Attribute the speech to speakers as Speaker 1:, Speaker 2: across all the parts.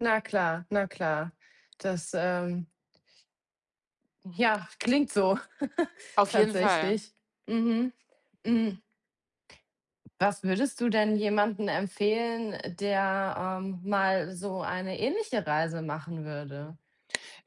Speaker 1: Na klar, na klar. Das, ähm Ja, klingt so,
Speaker 2: Auf jeden Fall.
Speaker 1: tatsächlich. Mhm. Hm. Was würdest du denn jemandem empfehlen, äh, der, ähm, mal so eine ähnliche Reise machen würde?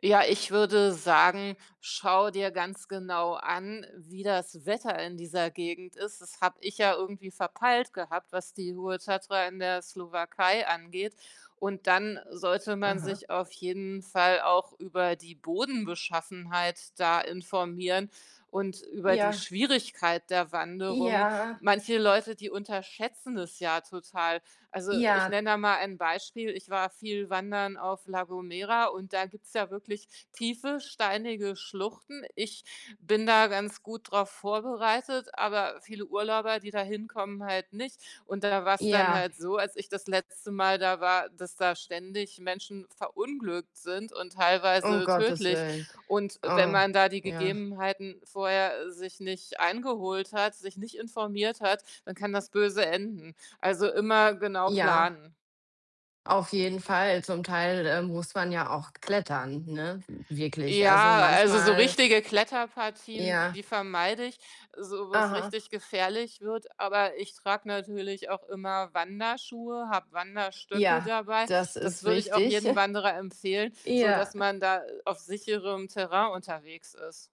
Speaker 2: Ja, ich würde sagen, schau dir ganz genau an, wie das Wetter in dieser Gegend ist. Das habe ich ja irgendwie verpeilt gehabt, was die hohe Tatra in der Slowakei angeht. Und dann sollte man
Speaker 1: Aha.
Speaker 2: sich auf jeden Fall auch über die Bodenbeschaffenheit da informieren und über die
Speaker 1: Ja.
Speaker 2: Schwierigkeit der Wanderung.
Speaker 1: Ja.
Speaker 2: Manche Leute, die unterschätzen das ja total. Also, ich
Speaker 1: Ja.
Speaker 2: nenne da mal ein Beispiel: Ich war viel wandern auf La Gomera und da gibt's ja wirklich tiefe, steinige Schluchten. Ich bin da ganz gut drauf vorbereitet, aber viele Urlauber, die da hinkommen, halt nicht, und da war's dann
Speaker 1: Ja.
Speaker 2: halt so, als ich das letzte Mal da war, dass da ständig Menschen verunglückt sind und
Speaker 1: Um
Speaker 2: teilweise
Speaker 1: Gottes
Speaker 2: tödlich.
Speaker 1: willen.
Speaker 2: Und wenn
Speaker 1: Oh,
Speaker 2: man da die
Speaker 1: ja.
Speaker 2: Gegebenheiten vorher sich nicht eingeholt hat, sich nicht informiert hat, dann kann das böse enden. Also, immer genau
Speaker 1: Ja.
Speaker 2: planen.
Speaker 1: Auf jeden Fall, zum Teil, äh, muss man ja auch klettern, ne? W wirklich, also,
Speaker 2: Ja, also, so
Speaker 1: manchmal
Speaker 2: richtige Kletterpartien,
Speaker 1: Ja.
Speaker 2: die vermeide ich, so wo's
Speaker 1: Aha.
Speaker 2: richtig gefährlich wird, aber ich trage natürlich auch immer Wanderschuhe, habe Wanderstöcke
Speaker 1: Ja,
Speaker 2: dabei.
Speaker 1: das
Speaker 2: Das
Speaker 1: ist
Speaker 2: würde ich auch
Speaker 1: wichtig.
Speaker 2: jedem Wanderer empfehlen, sodass
Speaker 1: Ja.
Speaker 2: man da, äh, auf sicherem Terrain unterwegs ist.